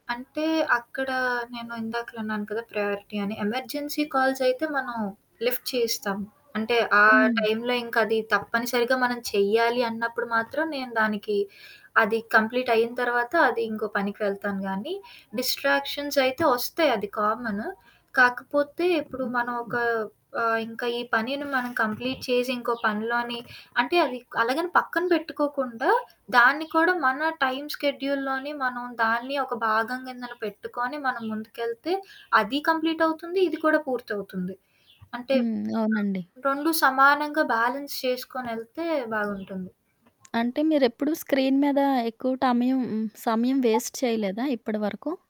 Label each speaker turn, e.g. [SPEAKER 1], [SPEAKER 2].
[SPEAKER 1] అంటే అక్కడ నేను ఇందాకులన్నాను కదా! ప్రయారిటీ అని, ఎమర్జెన్సీ కాల్సైయితే మనం లిఫ్ట్ చేస్తాం. అంటే ఆ!
[SPEAKER 2] హ్మ్.
[SPEAKER 1] టైంలో ఇంకా అది తప్పనిసరిగా మనం చెయ్యాలి అన్నప్పుడు మాత్రం నేను దానికి అది కంప్లీట్ అయిన తర్వాత, అది ఇంకో పనికి వెళ్తాను గానీ, డిస్ట్రాక్షన్సైయితే వస్తాయి అది కామను. కాకపోతే ఇప్పుడు మనం ఒక ఆహ్, ఇంకా ఈ పనిని మనం కంప్లీట్ చేసి ఇంకో పనిలోని అంటే అదిక్ అలాగని పక్కన పెట్టుకోకుండా, దాన్ని కూడా మన టైం షెడ్యూల్లోని మనం దాన్ని ఒక భాగం కింద పెట్టుకొని, మనం ముందుకెళ్తే, అది కంప్లీట్ అవుతుంది, ఇది కూడా పూర్తవుతుంది. అంటే
[SPEAKER 2] హ్మ్. అవునండి.
[SPEAKER 1] 2 సమానంగా బాలన్స్ చేసుకొనేళ్తే బావుంటుంది.
[SPEAKER 2] అంటే మీరేప్పుడూ స్క్రీన్ మీద ఎక్కువ టమయం సమయం వేస్ట్ చేయలేదా? ఇప్పటివరకు?